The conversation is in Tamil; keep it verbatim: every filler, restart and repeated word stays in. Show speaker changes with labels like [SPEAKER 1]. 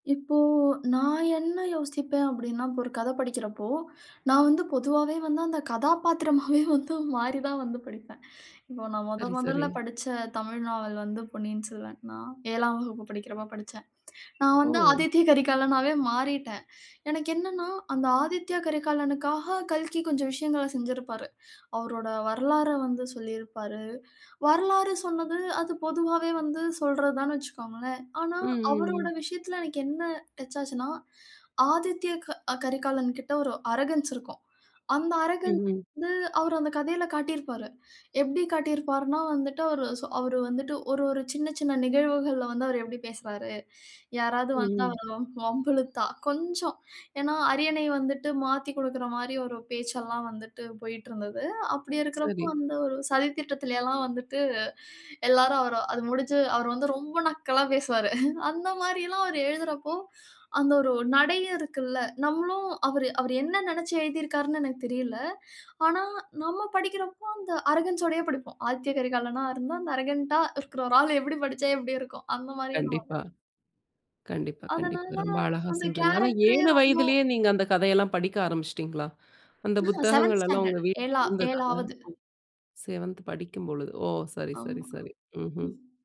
[SPEAKER 1] இப்போ நான் என்ன யோசிப்பேன்? அப்படின்னா, இப்ப ஒரு கதை படிக்கிறப்போ, நான் வந்து பொதுவாவே வந்து, அந்த கதாபாத்திரமாவே வந்து மாறி தான் வந்து படிப்பேன். இப்போ நான் மொதன்
[SPEAKER 2] சரி, சரி.
[SPEAKER 1] மொதல்ல படிச்ச தமிழ் நாவல் வந்து பொன்னியின் செல்வன். நான் ஏழாம் வகுப்பு படிக்கிறப்ப படிச்சேன். நான் வந்து
[SPEAKER 2] ஓ!
[SPEAKER 1] ஆதித்ய கரிகாலனாவே மாறிட்டேன். எனக்கு என்னனென்னா, அந்த ஆதித்யா கரிகாலனுக்காக கல்கி கொஞ்சம் விஷயங்கள செஞ்சிருப்பாரு. அவரோட வரலாற வந்து சொல்லியிருப்பாரு. வரலாறு சொன்னது, அது பொதுவாவே வந்து சொல்றது தான்னு வச்சுக்கோங்களேன். ஆனா,
[SPEAKER 2] ம் ம்
[SPEAKER 1] அவரோட
[SPEAKER 2] ம்.
[SPEAKER 1] விஷயத்தில எனக்கு என்ன டச்சாச்சுன்னா ஆதித்ய க கரிகாலன் கிட்ட ஒரு அரகன்ஸ் இருக்கும். அந்த அரகன்ஸ்
[SPEAKER 2] ம்ஹ்ம்.
[SPEAKER 1] வந்து அவரு அந்த கதையில காட்டியிருப்பாரு. எப்படி காட்டியிருப்பார்னா, வந்துட்டு அவரு வந்துட்டு ஒரு ஒரு சின்ன சின்ன நிகழ்வுகள்ல வந்து அவர் எப்படி பேசுறாரு? யாராவது வந்தா
[SPEAKER 2] ம்ஹ்ம்.
[SPEAKER 1] வம்பு இழுத்தா கொஞ்சம் ஏனா, அரியணை வந்துட்டு மாத்திக் குடுக்கிற மாரி ஒரு பேச்செல்லாம் வந்துட்டு போய்ட்டிருந்தது. அப்படி இருக்கிறப்போ,
[SPEAKER 2] சரி.
[SPEAKER 1] வந்து ஒரு சதி திட்டத்திலயெல்லாம் வந்துட்டு எல்லாரும் அது முடிஞ்சு அவர் வந்து ரொம்ப நக்கலா பேசுவாரு. அந்த மாரில்லாம் அவர் எழுதுறப்போ, அந்த ஒரு நடையும் இருக்கில்ல. நம்மளும் அவரு அவரு என்ன நெனச்சு எழுதியிருக்கிறார்ன்னு எனக்கு தெரியல. ஆனா, நம்ம படிக்கிறப்போ அந்த அரகன்ஸ் ஓடையே படிப்போம். ஆதித்ய கரிகாலனா இருந்தா அந்த அரகன்ட்டா இருக்கிற ஒரு ஆள் எப்படி படிச்சா எப்படி இருக்கும்? அந்த மாரியே நம்ம
[SPEAKER 2] கண்டிப்பா,
[SPEAKER 1] படிப்
[SPEAKER 2] கண்டிப்பா, கண்டிப்பா.
[SPEAKER 1] அதனால
[SPEAKER 2] ரொம்ப அழகா
[SPEAKER 1] அந்த
[SPEAKER 2] சொல்றீங்க. ஆனா
[SPEAKER 1] கேரக்டரே
[SPEAKER 2] ஏழு
[SPEAKER 1] ரொம்போ
[SPEAKER 2] வயதிலே நீங்க அந்த கதையெல்லாம் படிக்க ஆரம்பிச்சிட்டீங்களா? அந்த
[SPEAKER 1] ஆக செவென்த்
[SPEAKER 2] புத்தகங்கலெல்லாம் உங்க
[SPEAKER 1] ஸ்டாண்டர்ட் ஏழா
[SPEAKER 2] வீட்டுல இருந்ததா?
[SPEAKER 1] ஏழாவது
[SPEAKER 2] செவென்த் படிக்கும் பொழுது. ஓ! சரி, சரி,
[SPEAKER 1] ஆமா.
[SPEAKER 2] சரி. ம்ஹ்ம்.